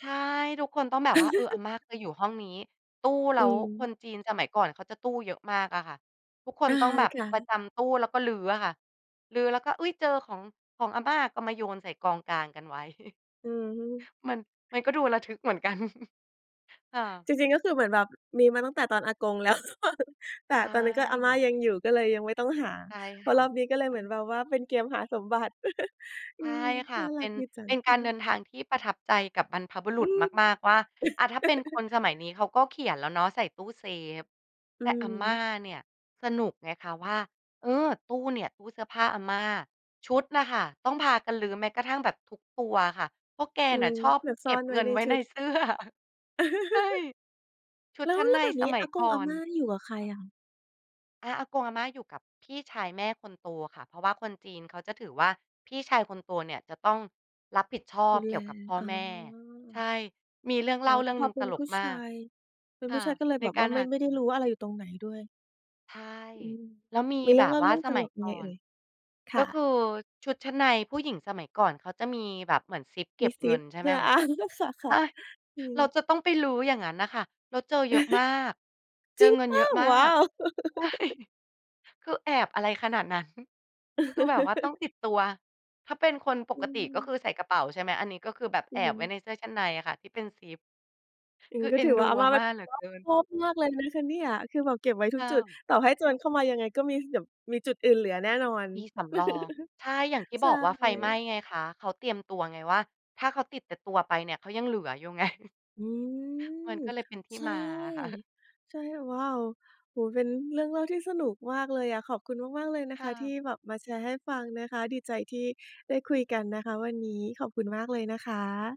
ใช่ ทุกคนต้องแบบว่า เออ อาม่าก็อยู่ห้องนี้ ตู้ แลอ้วืคม นจีนสมัยก่อนเขาจะตู้เยอะมากอะค่ะ ทุกคนอา ต้องแบบค่ประะ จำตู้แล้วก็รื้ออะค่ะ รื้อแล้วก็ อุ๊ย! เจอของ ของอาม่า ก็มาโยนใส่กองกลางกันไว้ อือฮึ มัน มันก็ดูระทึกเหมือนกัน ค่ะ จริง ๆ ก็คือเหมือนแบบมีมาตั้งแต่ตอนอากง แล้วหรือเปล่า? แต่ใชตอนนั้นก็อาม่า่ ยังอยู่ ก็เลยยังไม่ต้องหา ใช่พคอ่ระ อบนี้ก็เลยอเืหมือนม แบบว่าเป็นเกมหาสมบัติ อใืช่ม ค่ะ น่าเปรั็กน ดีจัเปง ็นกอืาอรฮเึ ดินทางที่ประทับใจกับบรรพบุรอุืษม มาก ๆ ว่า อะ ถ้าเป็นคนสมัยนี้เขาก็เขียนแล้วเนาะ ใส่ตู้เซฟ อแืต่ออาฮม่าึ เนี่ยสนุกไงคะว่า เออ ตู้เนี่ย ตู้เสื้อผ้าอาม่า ชุดน่ะค่ะ ต้องพากันรื้อแม้กระทั่งแบบทุกตัวค่ะ เพราะแกอืน่ะม ชอบเผื่อเซก่อ็บนไวเง้ินในไว้ชุใน ด เสื้อ ใช่ ชุดแล้ชว ั้นแลใ้นวแบบสนี้มัอยากก่งออาน ม่านี่อยู่กับใครค่ะ อะ? อา อากงอาม่าอยู่กับพี่ชายแม่คนโตค่ะ เพราะว่าคนจีนเขาจะถือว่า พี่ชายคนโตเนี่ยจะต้องรับผิดชอดบูเกแล ี่ยวกับพ่ออ๋อ แม่ ใช่ มีเรื่องเอล๋่อ าแเตรื่่องพหอนึ่งเปต็นลผูก้มชาาก ย เป็นคผู่้ะ ชายก็เลยในแบบกวา่รา ไมห่ า ไม่อไดื้อ ครู่ะ ้ว่า อะไรอยู่ตรงไหนด้วย ใช่ อืม แล้วมีมีเแรบื่องบเล่าว่เารื่องสตมัลยกกยัง่อไงเอน ่ย? คก็่คืะ อชุดชั้นในผู้หญิงสมัยก่อนเขาจะมีแบบเหมือนซิปเกม็ีบซเงิิป น ใช่เหไหืม่อ คอะ า เออ คโอ่๊ะ ย! ๆ อืเม ราจะต้องไปรื้อ อย่างงั้นน่ะค่ะ แล้วเจอเยอะมาก เจจอริงเงินเปเลย่อา? ะมาว้าก ว! ใช่ คือแอบอะไรขนาดนั้น คือแบบว่าต้องติดตัว ถ้าเป็นคนปอกติก็ือ คือใส่กระเป๋า ใช่ไหม อันนี้ก็คือแบบอแืออฮบึ ไว้ในเสื้อชั้นในอะค่ะ ที่เป็นซิป อย่างคงืีอ้กเ็อ็ถนือดวู่า อาอมา่าเมป็่าน เหลือรอเกบิน คอบมากเลยนะคะเนี่ย คือแบบเก็บไว้ทถุ้กจุด า ต่อให้โจรเข้ามายังไงก็มีเก็บ มีจุดอื่นเหลือแน่นอน มีสำรอง ใช่ อย่างที่ใชบ่ อกว่าไฟไหม้ไงคะ เขาเตรียมตัวไงว่า ถ้าเขาติดแต่ตัวไปเนี่ย เขายังเหลืออยู่ ไง อืมัม นก็เลยเป็นที่ใช่ มาอะค่ะ ใช่ โอ ว้าว! โอ้โฮ เป็นเรื่องเล่าที่สนุกมากเลยอะ ขอบคุณมาก ๆ เลยนะคค่ะ ทะ ี่แบบมาแชร์ให้ฟังนะคะ ดีใจที่ได้คุยกันนะคะวันนี้ ขอบคุณมากเลยนะคะ